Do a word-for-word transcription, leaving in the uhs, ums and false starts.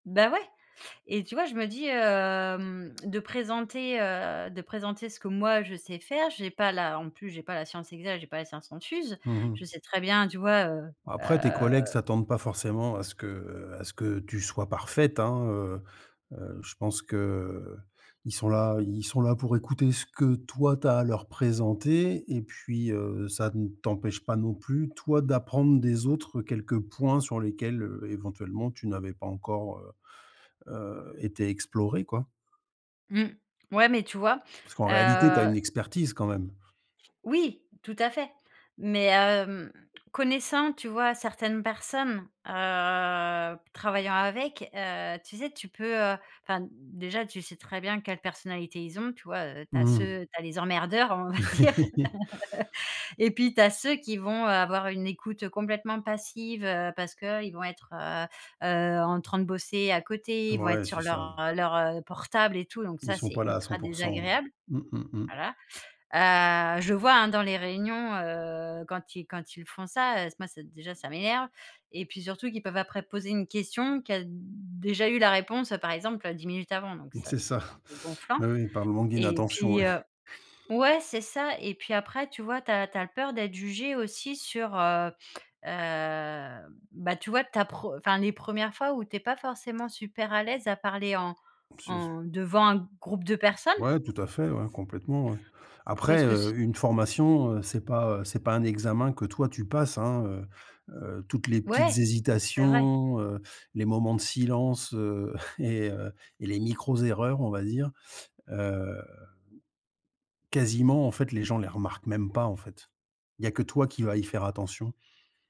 Ben, ouais. Et tu vois? Je me dis, hem, de présenter, heu, de présenter ce que moi je sais faire. J'ai pas la en plus, j'ai pas la science exacte, j'ai pas la science infuse. Mmh Je mh. sais très bien, tu vois? Heu Après tes heu collègues s'attendent pas forcément à ce que, heu, à ce que tu sois parfaite, hein, heu heu, je pense que, heu, ils sont là ils sont là pour écouter ce que toi, tu as à leur présenter et puis, heu, ça ne t'empêche pas non plus, toi, d'apprendre des autres quelques points sur lesquels, heu, éventuellement, tu n'avais pas encore, heu heu, été exploré, quoi Mmh, ouais, mais tu vois? parce qu'en réalité, tu as Heu une expertise quand même. Oui, tout à fait mais hem, connaissant, tu vois, certaines personnes, heu, travaillant avec, heu, tu sais? Tu peux enfin, déjà, tu sais très bien quelle personnalité ils ont, tu vois? Tu as Mmh mh. ceux tu as les emmerdeurs, on va dire et puis, tu as ceux qui vont avoir une écoute complètement passive, heu, parce qu'ils vont être, heu heu, en train de bosser à côté, ils vont être Ouais, sur c'est ça. leur leur, heu, portable et tout donc Ils ça, sont c'est pas là à cent ultra pour cent, ouais, désagréable, mmh mh, mmh. voilà, heu, je vois, hein, dans les réunions, heu, quand ils quand ils font ça, heu, moi, déjà, ça m'énerve et puis surtout qu'ils peuvent après poser une question, qui a déjà eu la réponse, par exemple, heu, dix minutes avant donc ça C'est ça, c'est un peu gonflant oui, oui, par le manque et d'inattention, puis, ouais. heu ouais, c'est ça, et puis après, tu vois, tu as tu as peur d'être jugée aussi sur, heu heu, ben, tu vois? Ta preu enfin, les premières fois où tu n'es pas forcément super à l'aise à parler en [unintelligible] en devant un groupe de personnes Ouais, tout à fait, ouais, complètement, ouais. parce Après, que c heu, une formation, heu, c'est pas, heu, c'est pas un examen que toi, tu passes, hein, heu heu, toutes les petites Ouais, c'est vrai. hésitations, heu, les moments de silence, heu et les micros erreurs, on va dire, heu, quasiment, en fait, les gens les remarquent même pas, en fait. Il y a que toi qui va y faire attention.